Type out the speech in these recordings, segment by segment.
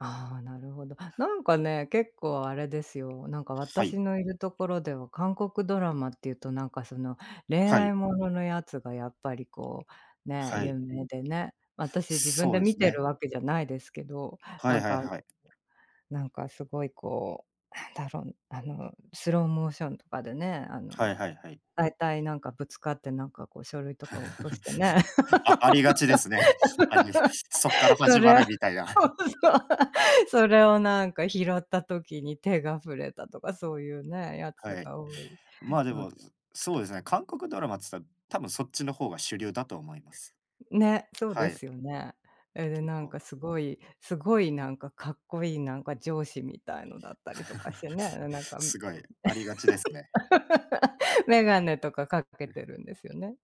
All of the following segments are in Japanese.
ああ、なるほど。なんかね、結構あれですよ、なんかはい。私のいるところでは、韓国ドラマって言うと、なんかその、恋はい。愛もののやつが、やっぱりこう、ね、は有い。名でね。私自分そうでで見すてね。るわけじゃないですけど、はないんはいかはい。なんか凄いこう、たぶん、あのスローモーションとかでね、あはいのはいはい。大体、なんかぶつかって、なんかこう、書類とかを落としてね。あありがちですね。ありです。そっから そ始まれを、そるみたいな。う、それをなんか拾った時に、手が触れたとか、そういうね、やつはい。が多いまあ、でのもで。ずそうですね、韓国ドラマっつったら、多分そっちの方が主流だと思います。んね、そうはでい。すよね。え、で、基なん本。か凄い、凄いなんか格好良い、なんか上司みたいのだったりとかし てね。なんか、ん、凄い、ありがちですね。メガネとか掛けうん。てるんですよね。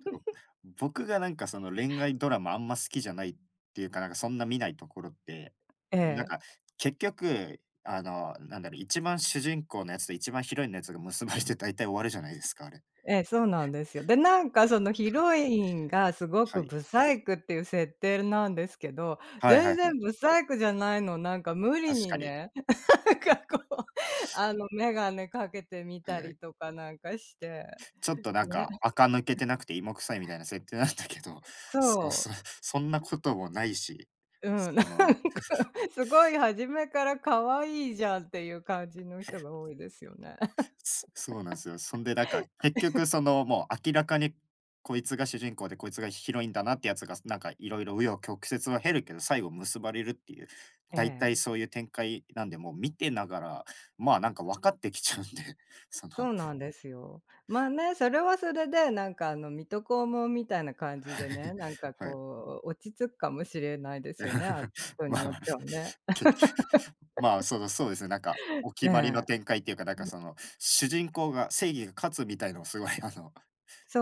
と、僕がなんかその、恋愛ドラマ、あんま好きじゃないっていうか、なんかそんな見ないところって、えなんえ。か結局、あの、何だろう、一番主人公のやつと一番ヒロインのやつが結ばれて、大体終わるじゃないですか、あれ。ええ、そうなんですよ。で、なんか、そのわヒかる。ロインが、凄はくい。ブサイクっていう設定なんですけど、はいは全いは然い。ブサイクじゃないの。なんか無理確にかに。ね、かこう、あの眼鏡かけてみはいたはりい。とかなんかして、ちょっとなんね。か、垢抜けてなくて、芋臭いみたいな、設定なんだけど。そうそそう、そんなう。こともないし、うん、なそんかの凄い初めから可愛いじゃん、って言う感じのへ人っ。が多いですよね。そそうなんすよ。そんでだか、結 局、その、もう明らかにこいつが主人公でこいつがヒロインだなってやつが、なんか色々、紆余曲折は経るけど、最後結ばれるっていうえ大体え。そういう展開なんで、もう見てながら、まあ、なんか分かってきちゃうんで、そのそうなんですよ。まあ、ね、それはそれで、なんかあの、水戸黄門みたいな感じでね、なん かはい。こう、落ち着くかもしれないですよね、あ、人にまよっま、てはね。けまあ、その、そうですね、なんか おえ決まりの展え。開って言うか、なんか、その、主人公が正義が勝つみたいのを、凄い、あの、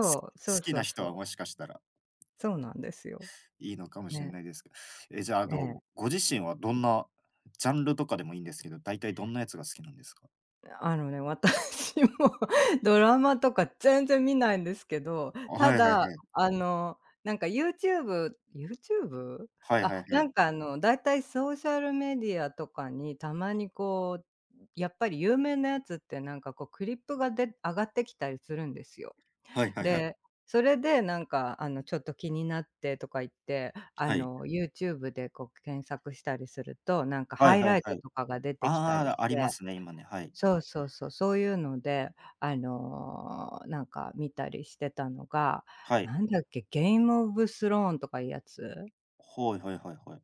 すう、そう好きそなう人そは、う。もしかしたらそうなんですよ、いいのかもしんね。ないですけど。ええ、じゃああえの、え。ご自身は、どんなジャンルとかでもいいんですけど、大体どんなやつが好きなんですか？あのね、私もドラマとか、全然見ないんですけど、あ、はたいはいだ、はい。あの、なんか YouTube YouTube？はいあ、はいはない。んかあの、大体ソーシャルメディアとかに、たまにこう、やっぱり有名なやつって、なんかこう、クリップがで上がってきたりするんですよ。はいはいはい。で、それでなんか、あの、ちょっと気になってとか言って、あはい。の YouTube でこう、検索したりすると、なんかはハいイはいライはトい。とかが出てきたりあしあ、ありまて。すね、今ね、はい。そうそうそう、そういうので、あの、なんか見たりしてたのが、はい。なんだっけ、ゲーム・オブ・スローンとか言うやつ？はいはいはいはい。